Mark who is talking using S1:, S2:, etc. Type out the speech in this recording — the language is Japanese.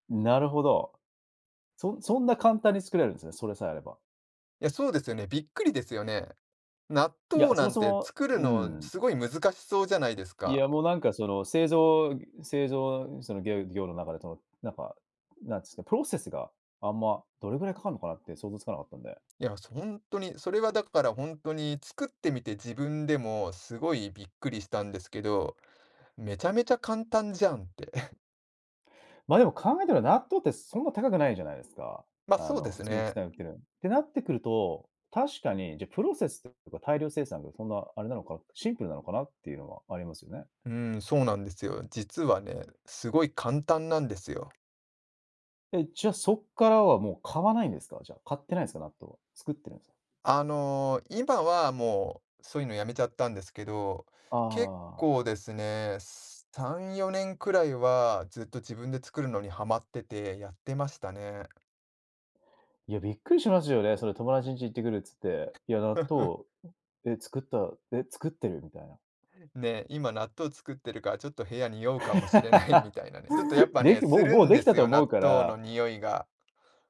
S1: なるほど。そそんな簡単に作れるんですね、それさえあれば。
S2: いや、そうですよね、びっくりですよね。納
S1: いや、
S2: 豆
S1: そ
S2: な
S1: も
S2: ん
S1: そ
S2: て
S1: も
S2: 作る
S1: う
S2: の
S1: ん。
S2: すごい難しそうじゃないです
S1: い
S2: か。
S1: や、もうなんかその、製造製造その業業の中でその、なんか、なんつか、プロセスが、あんま、どれぐらいかかるのかなって想像つかなかったんで。
S2: いや、そ、ほんとに、それはだから本当に作ってみて自分でも、すごいびっくりしたんですけど、めちゃめちゃ簡単じゃんって。
S1: まあ、でも考えてば納豆ってそんな高くないじゃないですか。
S2: ま、
S1: あ
S2: そうで
S1: の、普
S2: す
S1: 通に普
S2: ね。
S1: 段売ってるのに。てなってくると、確かに、じゃあプロセスとか大量生産がそんなあれなのかな、シンプルなのかなっていうのはありますよね。
S2: うん、そうなんですよ。実はね、すごい簡単なんですよ。
S1: え、じゃあ、そっからはもう買わないんですか？じゃあ、買ってないんすか、納豆は。作ってるんす。
S2: あの、今はもう、そういうのやめちゃったんですけど、
S1: あ
S2: 結
S1: あ。
S2: 構ですね、3、4年くらいはずっと自分で作るのにはまってて、やってましたね。
S1: いや、びっくりしますよね。それ「友達んち行ってくる」っつって、いや、納 豆、え、作った、え、作ってる、みたいな。
S2: ね、今納豆作ってるから、ちょっと部屋匂うかもしれないみ たいなね、ちょっとやっぱ
S1: で
S2: ね、
S1: き
S2: す
S1: もう
S2: る
S1: もう、
S2: ん
S1: で
S2: で
S1: きた
S2: す
S1: と
S2: よ、
S1: 思
S2: 納
S1: うか
S2: 豆
S1: ら。
S2: の匂いが。